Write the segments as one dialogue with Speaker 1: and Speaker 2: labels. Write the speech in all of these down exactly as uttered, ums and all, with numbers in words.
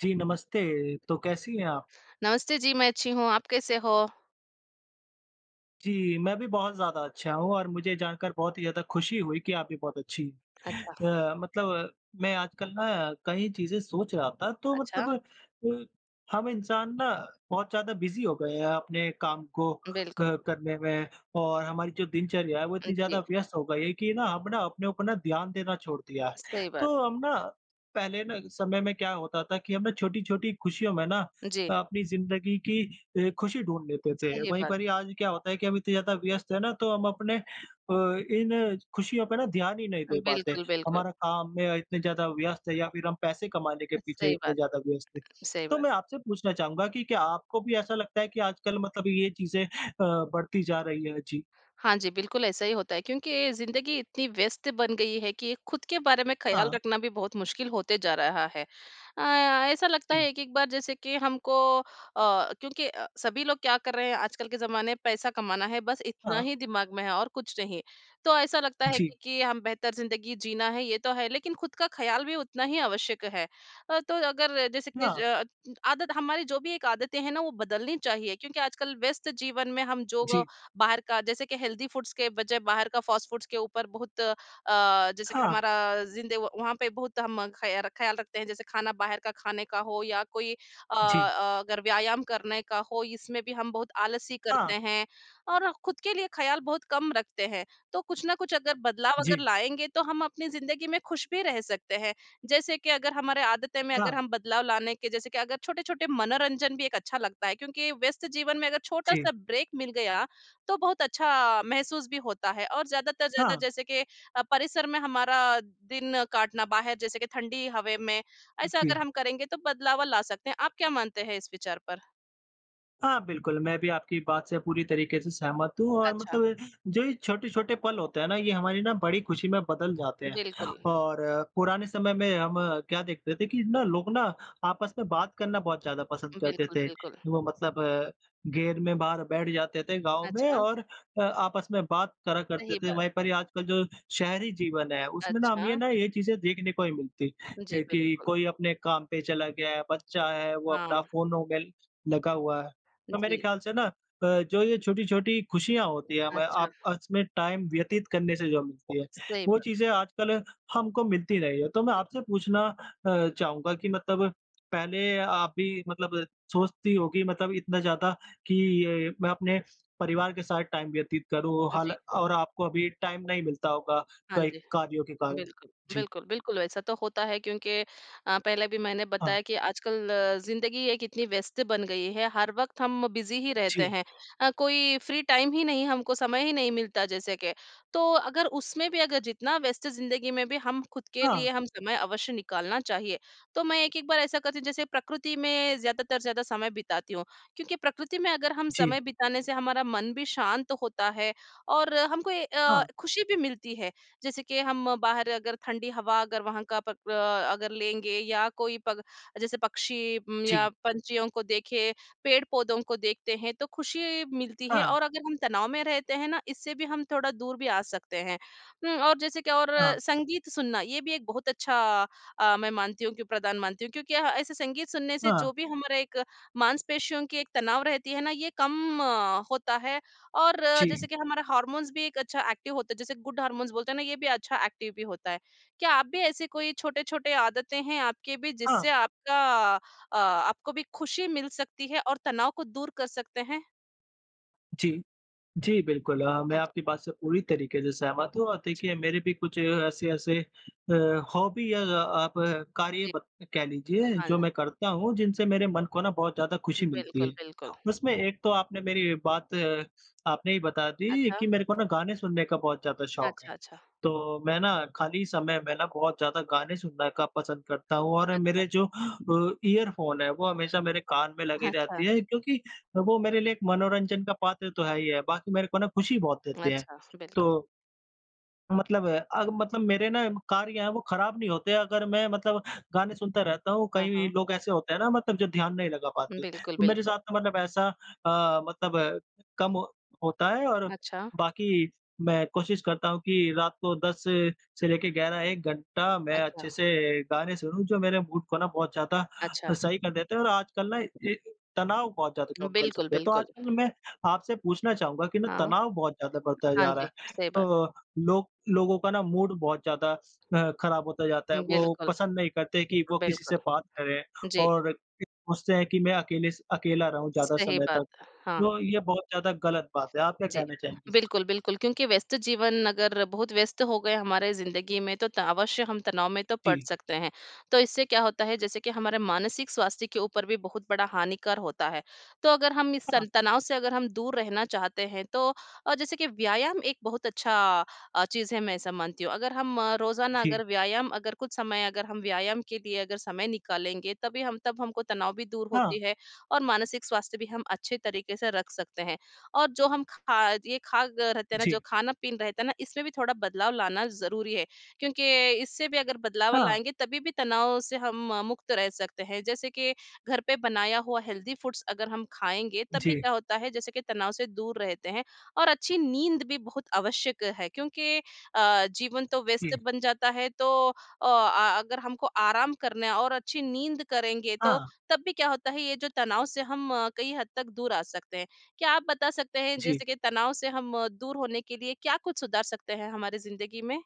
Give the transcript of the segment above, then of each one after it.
Speaker 1: जी नमस्ते, तो कैसी हैं आप?
Speaker 2: नमस्ते! जी मैं अच्छी हूँ, आप कैसे हो?
Speaker 1: जी, मैं भी बहुत ज़्यादा अच्छा हूँ, और मुझे जानकर बहुत ही ज़्यादा खुशी हुई कि आप भी बहुत अच्छी हैं।
Speaker 2: अच्छा।
Speaker 1: अ, मतलब मैं आजकल ना कई चीज़ें सोच रहा था, तो मतलब
Speaker 2: अच्छा।
Speaker 1: अ, हम इंसान ना बहुत ज़्यादा बिज़ी हो गए है अपने काम को
Speaker 2: बिल्कुल।
Speaker 1: अ, करने में और हमारी जो दिनचर्या है वो
Speaker 2: अ,
Speaker 1: इतनी ज़्यादा
Speaker 2: जी।
Speaker 1: व्यस्त हो गई है कि ना, हम ना अपने ऊपर ध्यान देना छोड़ दिया।
Speaker 2: सही बात।
Speaker 1: तो हम ना पहले ना समय में क्या होता था कि हम ना छोटी-छोटी खुशियों में ना
Speaker 2: जी।
Speaker 1: अ, अपनी ज़िन्दगी की ए खुशी ढूँढ़ लेते थे।
Speaker 2: सही
Speaker 1: वहीं
Speaker 2: बात।
Speaker 1: पर ही आज क्या होता है कि हम इतने ज़्यादा व्यस्त हैं ना तो हम अपने अ, इन खुशियों पे ध्यान ही नहीं दे पाते,
Speaker 2: बिल्कुल, बिल्कुल।
Speaker 1: हमारा काम में इतने ज़्यादा व्यस्त है या फिर हम पैसे कमाने के
Speaker 2: अ,
Speaker 1: पीछे
Speaker 2: सही
Speaker 1: इतने
Speaker 2: बात,
Speaker 1: ज़्यादा व्यस्त हैं।
Speaker 2: सही
Speaker 1: तो
Speaker 2: बात।
Speaker 1: मैं आपसे पूछना चाहूँगा कि क्या आपको भी ऐसा लगता है कि आजकल मतलब ये चीज़ें अ, बढ़ती जा रही है? जी।
Speaker 2: हाँ जी, बिल्कुल ऐसा ही होता है क्योंकि ज़िंदगी इतनी व्यस्त बन गई है कि, खुद के बारे में ख़याल
Speaker 1: हाँ।
Speaker 2: रखना भी बहुत मुश्किल होते जा रहा है। अ, ऐसा लगता
Speaker 1: जी।
Speaker 2: है एक एक बार जैसे कि हमको अ, क्योंकि अ, सभी लोग क्या कर रहे हैं आजकल के जमाने में पैसा कमाना है बस इतना
Speaker 1: हाँ।
Speaker 2: ही दिमाग में है और कुछ नहीं। तो ऐसा लगता है
Speaker 1: जी।
Speaker 2: क्योंकि हम बेहतर ज़िंदगी जीना है ये तो है, लेकिन खुद का ख़याल भी उतना ही आवश्यक है। अ, तो अगर जैसे कि ज
Speaker 1: हाँ।
Speaker 2: अ, आदत हमारी जो भी एक आदतें हैं ना वो बदलनी चाहिए क्योंकि आजकल व्यस्त जीवन में हम जो
Speaker 1: जी।
Speaker 2: बाहर का जैसे कि हेल्दी फूड्स के बजाय बाहर का फास्ट फूड्स के ऊपर बहुत अ, जैसे कि
Speaker 1: हाँ।
Speaker 2: हमारा ज़िंदे व वहाँ पे बहुत हम खयार ख्याल रखते हैं। जैसे खाना बाहर का खाने का हो या कोई अ,
Speaker 1: जी।
Speaker 2: अ, अगर व्यायाम करने का हो इसमें भी हम बहुत आलसी करते
Speaker 1: हाँ।
Speaker 2: हैं, और खुद के लिए ख़याल बहुत कम रखते हैं। तो कुछ न कुछ अगर बदलाव अगर
Speaker 1: जी।
Speaker 2: लाएँगे तो हम अपनी ज़िन्दगी में खुश भी रह सकते हैं, जैसे कि अगर हमारी आदतें में अगर
Speaker 1: हाँ।
Speaker 2: हम बदलाव लाने के जैसे कि अगर छोटे-छोटे मनोरंजन भी एक अच्छा लगता है क्योंकि व्यस्त जीवन में अगर
Speaker 1: जी।
Speaker 2: छोटा-सा ब्रेक मिल गया, तो बहुत अच्छा महसूस भी होता है। और ज्यादातर ज़्यादा
Speaker 1: हाँ।
Speaker 2: जैसे के अ, परिसर में हमारा दिन काटना बाहर जैसे कि ठंडी हवे में ऐसा
Speaker 1: जी।
Speaker 2: अगर हम करेंगे, तो बदलाव ला सकते हैं। आप क्या मानते हैं इस विचार पर?
Speaker 1: हाँ बिल्कुल, मैं भी आपकी बात से पूरी तरीके से सहमत हूँ और
Speaker 2: अच्छा।
Speaker 1: मतलब ये जो ये छोटे-छोटे पल होते हैं ना ये हमारी न बड़ी खुशी में बदल जाते हैं।
Speaker 2: बिल्कुल।
Speaker 1: और पुराने समय में हम क्या देखते थे कि न लोग न आपस में बात करना बहुत ज़्यादा पसंद करते
Speaker 2: बिल्कुल,
Speaker 1: थे।
Speaker 2: बिल्कुल।
Speaker 1: वो मतलब घेर में बाहर बैठ जाते थे, गाँव में
Speaker 2: अच्छा।
Speaker 1: और अ, आपस में बात करा करते
Speaker 2: सही
Speaker 1: थे,
Speaker 2: बात।
Speaker 1: वही पर ये आजकल जो शहरी जीवन है उसमें न हम ये
Speaker 2: अच्छा।
Speaker 1: ना ये चीज़ें देखने को नहीं मिलती
Speaker 2: जी,
Speaker 1: कि
Speaker 2: बिल्कुल।
Speaker 1: कोई अपने काम पे चला गया है, बच्चा है वो अपना
Speaker 2: हाँ।
Speaker 1: फ़ोनो में लगा हुआ है। तो मेरे
Speaker 2: जी।
Speaker 1: ख़्याल से न अ, जो ये छोटी-छोटी खुशियाँ होती हैं हमें
Speaker 2: अच्छा।
Speaker 1: आपस में टाइम व्यतीत करने से जो मिलती है,
Speaker 2: सही
Speaker 1: वो
Speaker 2: बात।
Speaker 1: चीज़ें आजकल हमको मिलती नहीं है। तो मैं
Speaker 2: उ
Speaker 1: आपसे पूछना अ, चाहूँगा कि मतलब पहले आप भी मतलब सोचती होगी मतलब इतना ज़्यादा कि ये मैं अपने परिवार के साथ टाइम व्यतीत करूँ
Speaker 2: अ,
Speaker 1: हल
Speaker 2: जी।
Speaker 1: और आपको अभी टाइम नहीं मिलता होगा
Speaker 2: हाँ
Speaker 1: कई
Speaker 2: जी,
Speaker 1: कार्यों के कारण?
Speaker 2: बिल्कुल।
Speaker 1: जी।
Speaker 2: बिल्कुल, बिल्कुल वैसा तो होता है क्योंकि अ, पहले भी मैंने
Speaker 1: हाँ।
Speaker 2: बताया कि आजकल ज़िंदगी एक इतनी व्यस्त बन गई है हर वक़्त हम बिज़ी ही रहते
Speaker 1: जी।
Speaker 2: हैं। अ, कोई फ्री टाइम ही नहीं हमको समय ही नहीं मिलता जैसे के, तो अगर उसमें भी अगर जितना व्यस्त ज़िंदगी में भी हम खुद के लिए
Speaker 1: हाँ।
Speaker 2: हम समय अवश्य निकालना चाहिए। तो मैं एक-एक बार ऐसा करती हूँ जैसे प्रकृति में ज़्यादातर, ज़्यादा समय बिताती हूँ क्योंकि प्रकृति में अगर हम
Speaker 1: जी।
Speaker 2: समय बिताने से हमारा मन भी शांत होता है और हमको ये अ,
Speaker 1: हाँ।
Speaker 2: खुशी भी मिलती है। जैसे कि हम बाहर अगर ठंडी हवा अगर वहाँ का पक अ अगर लेंगे या कोई पग जैसे पक्षी उम्म, या
Speaker 1: जी।
Speaker 2: पंछियों को देखें, पेड़-पौधों को देखते हैं तो खुशी मिलती है
Speaker 1: हाँ।
Speaker 2: और अगर हम तनाव में रहते हैं ना इससे भी हम थोड़ा दूर भी आ सकते हैं। उ, और जैसे कि और
Speaker 1: हाँ।
Speaker 2: संगीत सुनना ये भी एक बहुत अच्छा अ, मैं मानती हूँ कि प्रदान मानती हूँ। क्योंकि अह ऐसे संगीत सुनने से
Speaker 1: हाँ।
Speaker 2: जो भी हमारा एक मांसपेशियों की एक तनाव रहती है ना ये कम होता है और
Speaker 1: जी।
Speaker 2: जैसे कि हमारा हार्मोन्स भी एक अच्छा एक्टिव होता है जैसे गुड हॉर्मोन्स बोलते हैं ना ये भी अच्छा एक्टिव भी होता है। क्या आप भी ऐसे कोई छोटे-छोटे आदतें हैं आपकी भी
Speaker 1: हाँ।
Speaker 2: जिससे आपका अ, आपको भी खुशी मिल सकती है और तनाव को दूर कर सकते हैं?
Speaker 1: जी। जी, बिल्कुल, अ, मैं
Speaker 2: अच्
Speaker 1: आपकी बात से पूरी तरीके से सहमत हूँ और
Speaker 2: अच्छा।
Speaker 1: देखिए मेरे भी कुछ ऐसे-ऐसे अ, हॉबी या अ, आप कार्य
Speaker 2: जी।
Speaker 1: बक कह लीजिए
Speaker 2: हाँ।
Speaker 1: जो मैं करता हूँ, जिनसे मेरे मन को ना बहुत ज़्यादा खुशी मिलती
Speaker 2: बिल्कुल,
Speaker 1: है।
Speaker 2: बिल्कुल।
Speaker 1: उसमें एक तो आपने मेरी बात आपने ही बता दी
Speaker 2: अच्छा।
Speaker 1: कि मेरे को ना गाने सुनने का बहुत ज़्यादा शौक
Speaker 2: अच्छा,
Speaker 1: है।
Speaker 2: अच्छा।
Speaker 1: तो मैं ना खाली समय में ना बहुत ज़्यादा गाने सुनने का पसंद करता हूँ और
Speaker 2: अच्छा।
Speaker 1: मेरे जो अ, ईयरफ़ोन हैं वो हमेशा मेरे कान में लगे
Speaker 2: हाँ,
Speaker 1: रहते
Speaker 2: अच्छा।
Speaker 1: है, क्योंकि वो मेरे लिए एक मनोरंजन का पात्र तो है ही है, बाकी मेरे को ना खुशी बहुत देते हैं।
Speaker 2: अच्छा, बिल्कुल।
Speaker 1: तो मतलब अब मतलब मेरे ना कार्य हैं वो ख़राब नहीं होते अगर मैं मतलब गाने सुनता रहता हूँ।
Speaker 2: हाँ,
Speaker 1: कई
Speaker 2: हाँ।
Speaker 1: लोग ऐसे होते हैं ना मतलब जो ध्यान नहीं लगा पाते,
Speaker 2: बिल्कुल,
Speaker 1: तो मेरे
Speaker 2: बिल्कुल।
Speaker 1: साथ तो मतलब ऐसा अ, मतलब कम होता है और
Speaker 2: अच्छा।
Speaker 1: बाकी मैं कोशिश करता हूँ कि रात को दस से लेके ग्यारह, एक घंटा मैं अच्छे
Speaker 2: अच्छा।
Speaker 1: से गाने सुनूँ जो मेरे मूड को ना बहुत ज़्यादा
Speaker 2: अच्छा।
Speaker 1: सही कर देते हैं और आजकल ना ये तनाव बहुत ज़्यादा कम कर
Speaker 2: बिल्कुल,
Speaker 1: सकते हैं। तो
Speaker 2: बिल्कुल।
Speaker 1: आजकल मैं आपसे पूछना चाहूँगा कि ना
Speaker 2: हाँ।
Speaker 1: तनाव बहुत ज़्यादा बढ़ता
Speaker 2: हाँ
Speaker 1: जा रहा
Speaker 2: जी,
Speaker 1: है।
Speaker 2: सही बात।
Speaker 1: अ, लोग लोगों का ना मूड बहुत ज़्यादा अ, ख़राब होता जाता है।
Speaker 2: हुँ,
Speaker 1: वो
Speaker 2: बिल्कुल।
Speaker 1: पसंद नहीं करते कि वो किसी
Speaker 2: बिल्कुल।
Speaker 1: से बात करें
Speaker 2: जी।
Speaker 1: और सोचते हैं कि मैं अकेले स अकेला रहूँ ज़्यादा
Speaker 2: सही
Speaker 1: समय तक,
Speaker 2: बात। हाँ।
Speaker 1: तो ये बहुत ज़्यादा ग़लत बात है। आप क्या
Speaker 2: जी।
Speaker 1: कहना चाहेंगे इसमें?
Speaker 2: बिल्कुल, बिल्कुल क्योंकि व्यस्त जीवन अगर बहुत व्यस्त हो गए हमारे ज़िंदगी में तो त अवश्य हम तनाव में तो पड़
Speaker 1: जी।
Speaker 2: सकते हैं। तो इससे क्या होता है जैसे कि हमारे मानसिक स्वास्थ्य के ऊपर भी बहुत बड़ा हानिकर होता है। तो अगर हम इस
Speaker 1: हाँ।
Speaker 2: सं तनाव से अगर हम दूर रहना चाहते हैं तो अ, जैसे कि व्यायाम एक बहुत अच्छा अ, चीज़ है मैं ऐसा मानती हूँ। अगर हम रोज़ाना
Speaker 1: जी।
Speaker 2: अगर व्यायाम अगर कुछ समय अगर हम व्यायाम के लिए अगर समय निकालेंगे तभी हम तब हमको तनाव भी दूर
Speaker 1: हाँ।
Speaker 2: होती है और मानसिक स्वास्थ्य भी हम अच्छे तरीके से रख सकते हैं। और जो हम खा ये खा ग रहते हैं ना जो
Speaker 1: जी।
Speaker 2: खाना-पीन रहता है ना इसमें भी थोड़ा बदलाव लाना ज़रूरी है। क्योंकि इससे भी अगर बदलाव
Speaker 1: हाँ।
Speaker 2: लाएँगे तभी भी तनाव से हम मुक्त रह सकते हैं। जैसे कि घर पे बनाया हुआ हेल्दी फूड्स अगर हम खाएँगे तब भी
Speaker 1: जी।
Speaker 2: क्या होता है जैसे कि तनाव से दूर रहते हैं और अच्छी नींद भी बहुत आवश्यक है क्योंकि अ, जीवन तो व्यस्त
Speaker 1: जी।
Speaker 2: बन जाता है तो ओ, अ, अगर हमको आराम करना है और अच्छी नींद करेंगे तो
Speaker 1: हाँ।
Speaker 2: तब भी क्या होता है ये जो तनाव से हम कई हद तक दूर आ सकते। क्या आप बता सकते हैं
Speaker 1: जी।
Speaker 2: जैसे कि तनाव से हम दूर होने के लिए क्या कुछ सुधार सकते हैं हमारी ज़िंदगी में?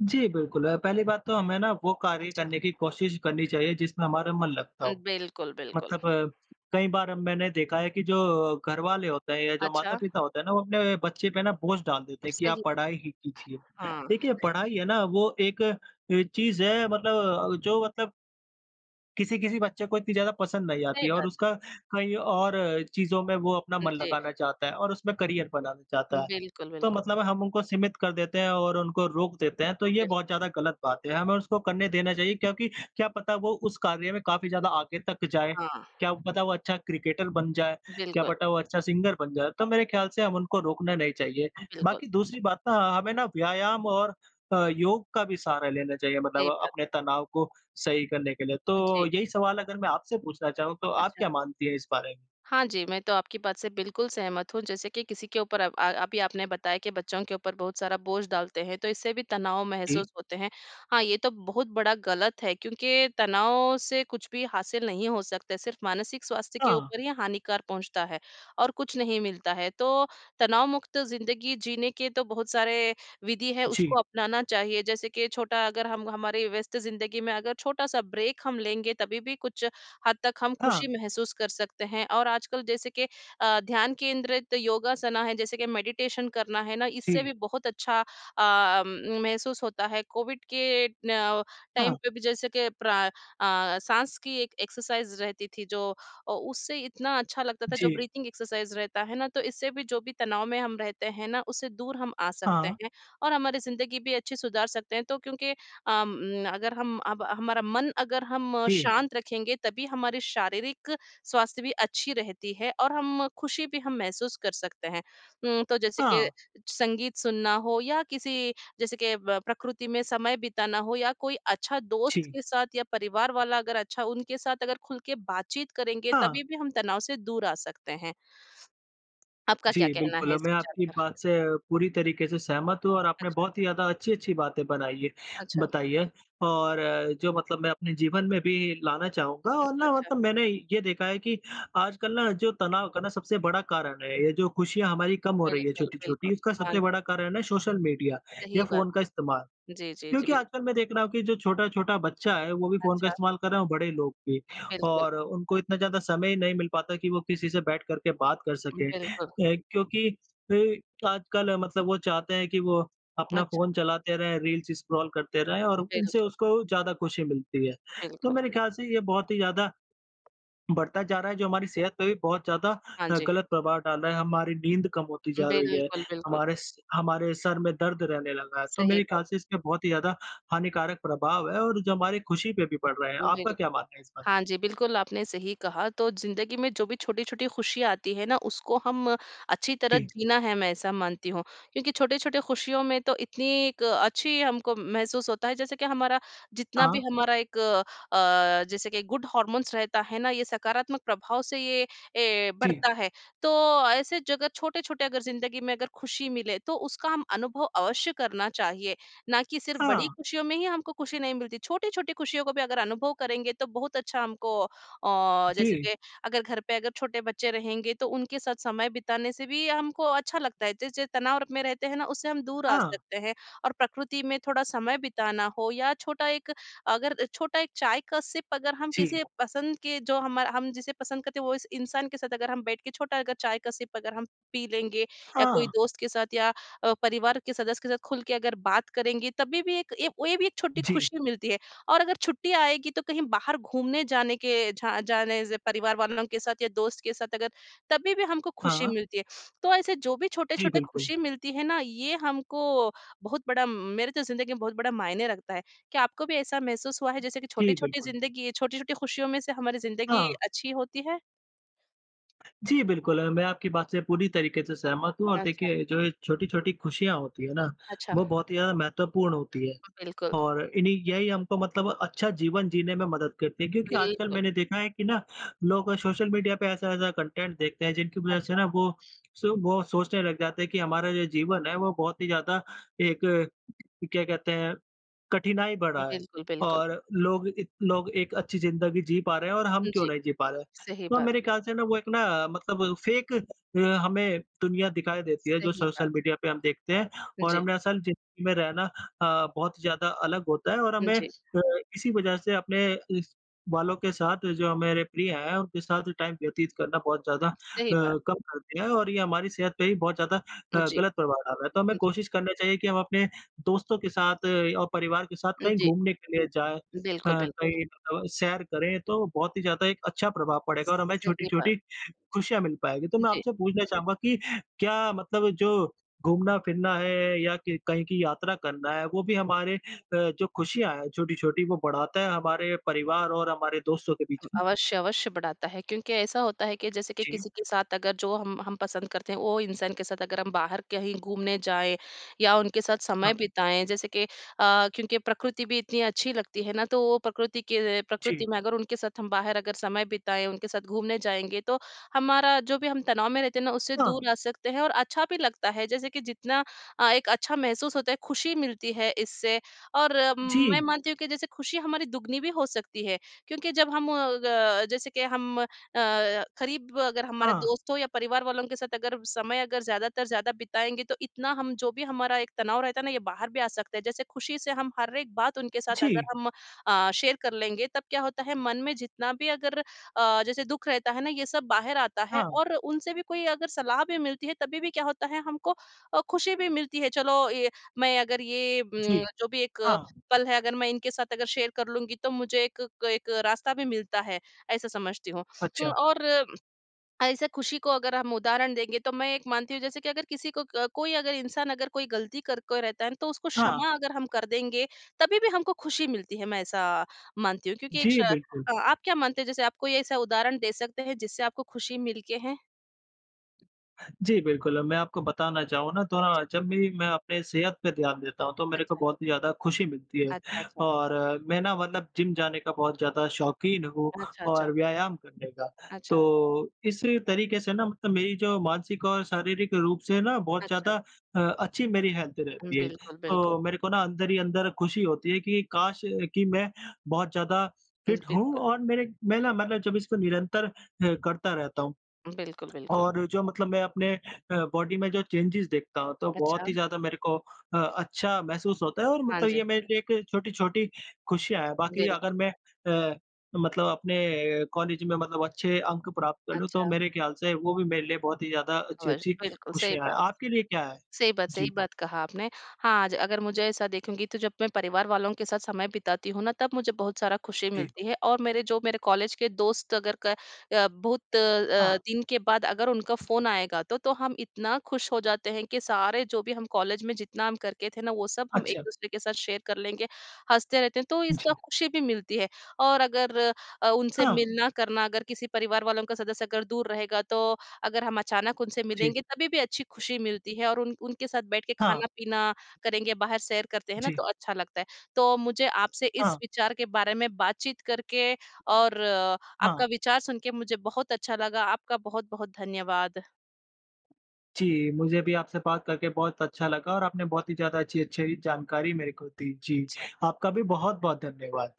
Speaker 1: जी, बिल्कुल। अ, पहली बात तो हमें ना वो कार्य
Speaker 2: अच्छा।
Speaker 1: करने की कोशिश करनी चाहिए जिसमें हमारा मन लगता
Speaker 2: अ,
Speaker 1: हो।
Speaker 2: बिल्कुल, बिल्कुल।
Speaker 1: मतलब, कई बार मैंने देखा है कि जो घरवाले होते हैं या जो
Speaker 2: अच्छा।
Speaker 1: माता-पिता होते हैं ना, वो अपने बच्चे पे ना बोझ डाल देते हैं कि आप
Speaker 2: सही।
Speaker 1: पढ़ाई ही कीजिए।
Speaker 2: हाँ,
Speaker 1: देखिए,
Speaker 2: सही बा
Speaker 1: पढ़ाई है ना वो एक अ, चीज़ है मतलब जो मतलब किसी-किसी बच्चे को इतनी ज़्यादा पसंद नहीं आती
Speaker 2: सही
Speaker 1: है और
Speaker 2: बात है।
Speaker 1: उसका कई और चीज़ों में वो अपना
Speaker 2: हुँ,
Speaker 1: मन
Speaker 2: जी।
Speaker 1: लगाना चाहता है और उसमें करियर बनाना चाहता है।
Speaker 2: बिल्कुल,
Speaker 1: तो
Speaker 2: बिल्कुल।
Speaker 1: मतलब हम उनको सीमित कर देते हैं और उनको रोक देते हैं, तो
Speaker 2: उ
Speaker 1: ये
Speaker 2: बिल
Speaker 1: बहुत ज़्यादा गलत बात है। हमें उसको करने देना चाहिए, क्योंकि क्या पता वो उस कार्य में काफ़ी ज़्यादा आगे तक जाए,
Speaker 2: हाँ।
Speaker 1: क्या पता वो अच्छा क्रिकेटर बन जाए, क्या
Speaker 2: बिल्कुल।
Speaker 1: पटा वो अच्छा सिंगर बन जाए, तो मेरे ख़्याल से हम उनको रोकना नहीं चाहिए।
Speaker 2: हाँ, बिल्कुल।
Speaker 1: बाकी दूसरी बात ना, हमें ना व्यायाम और अ, योग का भी सहारा लेना चाहिए मतलब
Speaker 2: सही बात
Speaker 1: अपने
Speaker 2: है।
Speaker 1: तनाव को सही करने के लिए। तो,
Speaker 2: जी।
Speaker 1: यही सवाल अगर मैं आपसे पूछना चाहूँ, तो आप
Speaker 2: अच्छा।
Speaker 1: क्या मानती है इस बारे?
Speaker 2: हाँ जी, मैं तो आपकी बात से बिल्कुल सहमत हूँ जैसे कि किसी के ऊपर अब अ, अभी आपने बताया कि बच्चों के ऊपर बहुत सारा बोझ डालते हैं तो इससे भी तनाव
Speaker 1: जी।
Speaker 2: महसूस होते हैं। हाँ, ये तो बहुत बड़ा गलत है क्योंकि तनाव से कुछ भी हासिल नहीं हो सकता, सिर्फ़ मानसिक स्वास्थ्य के
Speaker 1: हाँ।
Speaker 2: ऊपर ही हानिकार पहुँचता है और कुछ नहीं मिलता है। तो, तनाव मुक्त ज़िंदगी जीने के तो बहुत सारे विधि हैं
Speaker 1: जी।
Speaker 2: उसको अपनाना चाहिए, जैसे कि छोटा अगर हम हमारी व्यस्त ज़िंदगी में अगर छोटा-सा ब्रेक हम लेंगे, तभी-भी कुछ हद तक हम खुशी
Speaker 1: हाँ।
Speaker 2: महसूस कर सकते हैं। और आजकल जैसे के अ, ध्यान केंद्रित योगासना है, जैसे कि मेडिटेशन करना है ना, इससे
Speaker 1: जी।
Speaker 2: भी बहुत अच्छा अ, उम, महसूस होता है कोविड के न टाइम
Speaker 1: हाँ।
Speaker 2: पे भी जैसे कि प्रा अ अ, साँस की एक एक्सरसाइज़ रहती थी जो ओ उससे इतना अच्छा लगता था, जो
Speaker 1: जी।
Speaker 2: ब्रीथिंग एक्सरसाइज़ रहता है ना, तो इससे भी जो भी तनाव में हम रहते हैं ना, उससे दूर हम आ सकते
Speaker 1: हाँ।
Speaker 2: हैं। और हमारी ज़िंदगी भी अच्छी सुधार सकते हैं, तो क्योंकि अम, अगर हम अब हमारा मन अगर हम
Speaker 1: जी।
Speaker 2: शांत रखेंगे तभी हमारी शारीरिक स्वास्थ्य भी अच्छी रहती है और हम खुशी भी हम महसूस कर सकते हैं। उम, तो जैसे के
Speaker 1: हाँ।
Speaker 2: संगीत सुनना हो या किसी जैसे के ब प्रकृति में समय बिताना हो या कोई अच्छा दोस्त
Speaker 1: जी।
Speaker 2: के साथ या परिवार वाला अगर अच्छा, उनके साथ अगर खुल के बातचीत करेंगे,
Speaker 1: हाँ।
Speaker 2: तभी भी हम तनाव से दूर आ सकते हैं। आपका क्या
Speaker 1: जी,
Speaker 2: कहना है
Speaker 1: बिल्कुल
Speaker 2: इस
Speaker 1: मैं
Speaker 2: विचार
Speaker 1: आपकी
Speaker 2: पर?
Speaker 1: बात से पूरी तरीके से सहमत हूँ और आपने
Speaker 2: अच्छा।
Speaker 1: बहुत ही ज़्यादा अच्छी-अच्छी बातें बनाई हैं
Speaker 2: अच्छा।
Speaker 1: बताई हैं, और जो मतलब मैं अपने जीवन में भी लाना चाहूँगा
Speaker 2: उम,
Speaker 1: और ना
Speaker 2: अच्छा।
Speaker 1: मतलब मैंने ये देखा है कि आजकल ना जो तनाव का सबसे बड़ा कारण है, ये जो खुशियाँ हमारी कम हो रही है
Speaker 2: बिल्कुल,
Speaker 1: छोटी-छोटी
Speaker 2: बिल्कुल,
Speaker 1: उसका
Speaker 2: हाँ।
Speaker 1: सबसे बड़ा कारण है, सोशल मीडिया
Speaker 2: सही
Speaker 1: या
Speaker 2: बात
Speaker 1: फ़ोन का इस्तेमाल।
Speaker 2: है। जी, जी, जी,
Speaker 1: क्योंकि
Speaker 2: बिल्क
Speaker 1: आजकल मैं देख रहा हूँ कि जो छोटा-छोटा बच्चा है, वो भी फ़ोन का
Speaker 2: अच्छा।
Speaker 1: इस्तेमाल कर रहे हैं और बड़े लोग भी
Speaker 2: बिल्कुल।
Speaker 1: और उनको इतना ज़्यादा समय नहीं मिल पाता कि वो किसी से बैठ कर के बात कर
Speaker 2: उम,
Speaker 1: सकें अ,
Speaker 2: बिल्कुल।
Speaker 1: क्योंकि अ, आजकल मतलब वो चाहते हैं कि वो अपना
Speaker 2: अच्छा।
Speaker 1: फ़ोन चलाते रहें, रील्स स्क्रॉल करते रहे और उनसे
Speaker 2: बिल्कुल।
Speaker 1: उसको ज़्यादा खुशी मिलती है। तो
Speaker 2: बिल्कुल।
Speaker 1: मेरे ख़्याल से ये बहुत ही ज़्यादा, बढ़ता जा रहा है जो हमारी सेहत पे भी बहुत ज़्यादा
Speaker 2: हाँ
Speaker 1: अ,
Speaker 2: जी।
Speaker 1: गलत प्रभाव डाल रहा है, हमारी नींद कम होती जा रही है,
Speaker 2: बिल्कुल, बिल्कुल।
Speaker 1: हमारे स हमारे सर में दर्द रहने लगा है, तो
Speaker 2: सही
Speaker 1: मेरे
Speaker 2: बात।
Speaker 1: ख़्याल से इसके बहुत ही ज़्यादा हानिकारक प्रभाव है और जो हमारी खुशी पे भी पड़ रहा है। आपका
Speaker 2: बिल्कुल।
Speaker 1: क्या मानना है इस पर?
Speaker 2: हाँ जी, बिल्कुल आपने सही कहा तो ज़िंदगी में जो भी छोटी-छोटी खुशियाँ आती है ना, उसको हम अच्छी तरह
Speaker 1: जी।
Speaker 2: जीना है मैं ऐसा मानती हूँ, क्योंकि छोटे-छोटे खुशियों में तो इतनी एक अच्छी हम को महसूस होता है जैसे कि हमारा जितना भी
Speaker 1: हाँ।
Speaker 2: हमारा एक अ, जैसे कि गुड हार्मोन्स रहता है ना, ये सकारात्मक प्रभाव से ये, ए,
Speaker 1: जी।
Speaker 2: बढ़ता है। तो, ऐसे जगह छोटे-छोटे अगर ज़िंदगी में अगर खुशी मिले, तो उसका हम अनुभव अवश्य करना चाहिए, ना कि सिर्फ़ बड़ी
Speaker 1: हाँ।
Speaker 2: खुशियों में ही हमको खुशी नहीं मिलती, छोटी-छोटी खुशियों को भी अगर अनुभव करेंगे तो बहुत अच्छा हमको अ, जैसे
Speaker 1: जी।
Speaker 2: के, अगर घर पे अगर छोटे बच्चे रहेंगे, तो उनके साथ समय बिताने से भी हमको अच्छा लगता है। जैस जे तनाव र में रहते हैं ना, उससे हम दूर आ
Speaker 1: हाँ।
Speaker 2: सकते हैं और प्रकृति में थोड़ा समय बिताना हो या छोटा एक अगर छोटा एक चाय का सिप अगर हम
Speaker 1: जी।
Speaker 2: किसी पसंद के जो हमा हम जिसे पसंद करते हैं, वो इस इंसान के साथ अगर हम बैठ के छोटा अगर चाय का सिप अगर हम पी लेंगे या कोई
Speaker 1: हाँ।
Speaker 2: दोस्त के साथ या अ, परिवार के सदस्य के साथ खुल के अगर बात करेंगी, तभी भी एक ये वे भी एक छोटी
Speaker 1: जी।
Speaker 2: खुशी मिलती है। और अगर छुट्टियाँ आएगी तो कहीं बाहर घूमने जाने के झा जाने से परिवार वालों के साथ या दोस्त के साथ अगर तभी भी हमको खुशी
Speaker 1: हाँ।
Speaker 2: मिलती है। तो ऐसे जो भी
Speaker 1: जी,
Speaker 2: छोटे-छोटे
Speaker 1: बिल्कुल।
Speaker 2: खुशी मिलती है ना, ये हमको बहुत बड़ा मेरे तो ज़िंदगी में बहुत बड़ा मायने रखता है, क्या आपको भी ऐसा महसूस हुआ है जैसे कि
Speaker 1: जी,
Speaker 2: छोटी-छोटी
Speaker 1: बिल्कुल।
Speaker 2: ज़िंदगी छोटी-छोटी खुशियों में से हमारी ज़िंदगी
Speaker 1: हाँ।
Speaker 2: अच्छी होती है?
Speaker 1: जी, बिल्कुल अ, मैं आपकी बात से पूरी तरीके से सहमत हूँ और
Speaker 2: अच्छा।
Speaker 1: देखिए जो ये छोटी-छोटी खुशियाँ होती है ना,
Speaker 2: अच्छा।
Speaker 1: वो बहुत ही ज़्यादा महत्वपूर्ण होती है।
Speaker 2: अ, बिल्कुल।
Speaker 1: और इन्ही यही हमको मतलब अच्छा जीवन जीने में मदद करती है, क्योंकि आजकल
Speaker 2: बिल्कुल।
Speaker 1: मैंने देखा है कि ना, लोग सोशल मीडिया पे ऐसा-ऐसा कंटेंट देखते हैं, जिनकी वजह से
Speaker 2: अच्छा।
Speaker 1: ना वो स वो सोचने लग जाते हैं कि हमारा जो जीवन है वो बहुत ही ज़्यादा एक, क्या कहते हैं, कठिनाई बढ़ा है।
Speaker 2: बिल्कुल, बिल्कुल।
Speaker 1: और लोग इत लोग एक अच्छी ज़िंदगी जी पा रहे हैं और हम क्यों
Speaker 2: जी।
Speaker 1: नहीं जी पा रहे?
Speaker 2: सही
Speaker 1: तो
Speaker 2: बात।
Speaker 1: मेरे ख़्याल से ना वो एक ना, मतलब फ़ेक अ, हमें दुनिया दिखाई देती है, जो
Speaker 2: सही बात।
Speaker 1: सोशल मीडिया पे हम देखते हैं और
Speaker 2: जी।
Speaker 1: हमने असल ज़िंदगी में रहना अ, बहुत ज़्यादा अलग होता है और हमें
Speaker 2: जी।
Speaker 1: अ, इसी वजह से अपने इस वालों के साथ जो मेरे प्रिय हैं, उनके साथ टाइम व्यतीत करना बहुत ज़्यादा अ,
Speaker 2: सही बात।
Speaker 1: कम कर दिया है और ये हमारी सेहत पे भी बहुत ज़्यादा
Speaker 2: उ
Speaker 1: अ,
Speaker 2: जी।
Speaker 1: गलत प्रभाव डाल रहा है। तो हमें
Speaker 2: जी।
Speaker 1: कोशिश करना चाहिए कि हम अपने दोस्तों के साथ और परिवार के साथ कहीं
Speaker 2: जी।
Speaker 1: घूमने के लिए जाएँ अ,
Speaker 2: बिल्कुल, बिल्कुल।
Speaker 1: कहीं तो सैर करें, तो बहुत ही ज़्यादा एक अच्छा प्रभाव पड़ेगा और हमें
Speaker 2: सही बात।
Speaker 1: छोटी-छोटी खुशियाँ मिल पाएँगी। तो मैं
Speaker 2: जी।
Speaker 1: आपसे पूछना चाहूँगा कि क्या मतलब जो घूमना-फिरना है या कि कहीं की यात्रा करना है, वो भी हमारे अ, जो खुशियाँ है छोटी-छोटी वो बढ़ाता है हमारे परिवार और हमारे दोस्तों के बीच
Speaker 2: उम,
Speaker 1: में?
Speaker 2: अवश्य, अवश्य बढ़ाता है क्योंकि ऐसा होता है कि जैसे कि
Speaker 1: जी।
Speaker 2: किसी के साथ अगर जो हम हम पसंद करते हैं, वो इंसान के साथ अगर हम बाहर कहीं घूमने जाएँ या उनके साथ समय
Speaker 1: हाँ।
Speaker 2: बिताएँ, जैसे के अ, क्योंकि प्रकृति भी इतनी अच्छी लगती है ना, तो वो प्रकृति के
Speaker 1: जी।
Speaker 2: प्रकृति में अगर उनके साथ हम बाहर अगर समय बिताएँ, उनके साथ घूमने जाएँगे तो हमारा जो भी हम तनाव में रहते हैं ना, उससे
Speaker 1: हाँ।
Speaker 2: दूर आ सकते हैं और अच्छा भी लगता है। जैसे कि, जितना अ, एक अच्छा महसूस होता है, खुशी मिलती है इससे और म मैं
Speaker 1: जी।
Speaker 2: मानती हूँ कि जैसे खुशी हमारी दुगुनी भी हो सकती है। क्योंकि जब हम ग जैसे के हम अ, खरीब अगर हमारे
Speaker 1: हाँ।
Speaker 2: दोस्त हो या परिवार वालों के साथ अगर समय अगर ज़्यादातर ज़्यादा बिताएँगे, तो इतना हम जो भी हमारा एक तनाव रहता है ना, ये बाहर भी आ सकते है। जैसे खुशी से हम हर एक बात उनके साथ अगर
Speaker 1: जी।
Speaker 2: हम अ, शेयर कर लेंगे, तब क्या होता है मन में जितना भी अगर अ, जैसे दुःख रहता है ना, ये सब बाहर आता है।
Speaker 1: हाँ।
Speaker 2: और उनसे भी कोई अगर सलाह भी मिलती है तभी भी क्या होता है हमको अ, खुशी भी मिलती है, चलो ये मैं अगर ये
Speaker 1: जी।
Speaker 2: उम, जो भी एक
Speaker 1: हाँ।
Speaker 2: पल है, अगर मैं इनके साथ अगर शेयर कर लूँगी तो मुझे एक क एक रास्ता भी मिलता है, ऐसा समझती हूँ। उम,
Speaker 1: अच्छा।
Speaker 2: और ऐसे खुशी को अगर हम उदाहरण देंगे तो मैं एक मानती हूँ जैसे कि अगर किसी को क कोई अगर इंसान अगर कोई गलती करके रहता है ना, तो उसको
Speaker 1: हाँ।
Speaker 2: क्षमा अगर हम कर देंगे, तभी भी हमको खुशी मिलती है, मैं ऐसा मानती हूँ क्योंकि एक श
Speaker 1: जी, बिल्कुल।
Speaker 2: अ, आप क्या मानते हैं जैसे आप कोई ऐसा उदाहरण दे सकते हैं, जिससे आपको खुशी मिल के हैं?
Speaker 1: जी बिल्कुल। मैं आपको बताना चाहूँ ना थोड़ा
Speaker 2: अच्छा।
Speaker 1: जब भी मैं अपने सेहत पे ध्यान देता हूँ तो मेरे को
Speaker 2: अच्छा।
Speaker 1: बहुत ही ज़्यादा खुशी मिलती है।
Speaker 2: अच्छा, अच्छा।
Speaker 1: और मैं ना मतलब जिम जाने का बहुत ज़्यादा शौक़ीन हूँ
Speaker 2: अच्छा, अच्छा।
Speaker 1: और व्यायाम करने का,
Speaker 2: अच्छा।
Speaker 1: तो इस तरीके से ना मतलब मेरी जो मानसिक और शारीरिक रूप से है ना बहुत
Speaker 2: अच्छा।
Speaker 1: ज़्यादा अ, अच्छी मेरी हेल्थ रहती है।
Speaker 2: बिल्कुल, बिल्कुल।
Speaker 1: तो मेरे को ना अंदर ही अंदर खुशी होती है कि काश! कि मैं बहुत ज़्यादा
Speaker 2: उन,
Speaker 1: फिट होऊँ
Speaker 2: बिल्कुल।
Speaker 1: और मेरे मैं ना मतलब जब इसको निरंतर हुँ करता रहता हूँ।
Speaker 2: बिल्कुल, बिल्कुल।
Speaker 1: और जो मतलब मैं अपने अ, बॉडी में जो चेंजेज देखता हूँ तो बहुत
Speaker 2: अच्छा।
Speaker 1: ही ज़्यादा मेरे को अ, अच्छा महसूस होता है। और
Speaker 2: हाँ
Speaker 1: मतलब
Speaker 2: जी।
Speaker 1: ये मेरे लिए एक छोटी-छोटी खुशियाँ है। बाक़ी अगर
Speaker 2: बिल्कुल।
Speaker 1: मैं अ, मतलब अपने कॉलेज़ में मतलब अच्छे अंक प्राप्त कर लूँ, तो
Speaker 2: अच्छा।
Speaker 1: मेरे ख्याल से वो भी मेरे लिए बहुत ही ज़्यादा
Speaker 2: और,
Speaker 1: अच्छी-अच्छी
Speaker 2: बिल्कुल सही
Speaker 1: खुशियाँ है,
Speaker 2: बात। स
Speaker 1: आपके लिए क्या है?
Speaker 2: सही बात, सही
Speaker 1: जी।
Speaker 2: बात कहा आपने। हाँ, आज अगर मुझे ऐसा देखूँगी तो जब मैं परिवार वालों के साथ समय बिताती हूँ ना, तब मुझे बहुत सारा खुशी
Speaker 1: जी।
Speaker 2: मिलती है। और मेरे, जो मेरे कॉलेज के दोस्त अगर क अ, बहुत अ,
Speaker 1: हाँ।
Speaker 2: दिन के बाद अगर उनका फ़ोन आएगा तो, तो हम इतना खुश हो जाते हैं कि सारे जो भी हम कॉलेज़ में जितना हम करते थे ना वो सब हम एक
Speaker 1: अच्छा।
Speaker 2: दूसरे के साथ शेयर कर लेंगे, हँसते रहते हैं। तो इसका
Speaker 1: जी।
Speaker 2: खुशी भी मिलती है और अगर अ, उनसे
Speaker 1: हाँ।
Speaker 2: मिलना करना अगर किसी परिवार वालों का सदस्य अगर दूर रहेगा तो, अगर हम अचानक उनसे
Speaker 1: जी।
Speaker 2: मिलेंगे तभी भी अच्छी खुशी मिलती है। और उन उनके साथ बैठ के
Speaker 1: हाँ।
Speaker 2: खाना-पीना करेंगे, बाहर सैर करते हैं ना
Speaker 1: जी।
Speaker 2: तो अच्छा लगता है। तो मुझे आपसे इस
Speaker 1: हाँ।
Speaker 2: विचार के बारे में बातचीत करके, और
Speaker 1: हाँ।
Speaker 2: आपका विचार सुन के मुझे बहुत अच्छा लगा। आपका बहुत-बहुत धन्यवाद।
Speaker 1: जी, मुझे भी आपसे बात करके बहुत अच्छा लगा, और आपने बहुत ही ज़्यादा अच्छी-अच्छी जानकारी मेरे को दी। जी।
Speaker 2: अच्छा।
Speaker 1: आपका भी बहुत-बहुत धन्यवाद।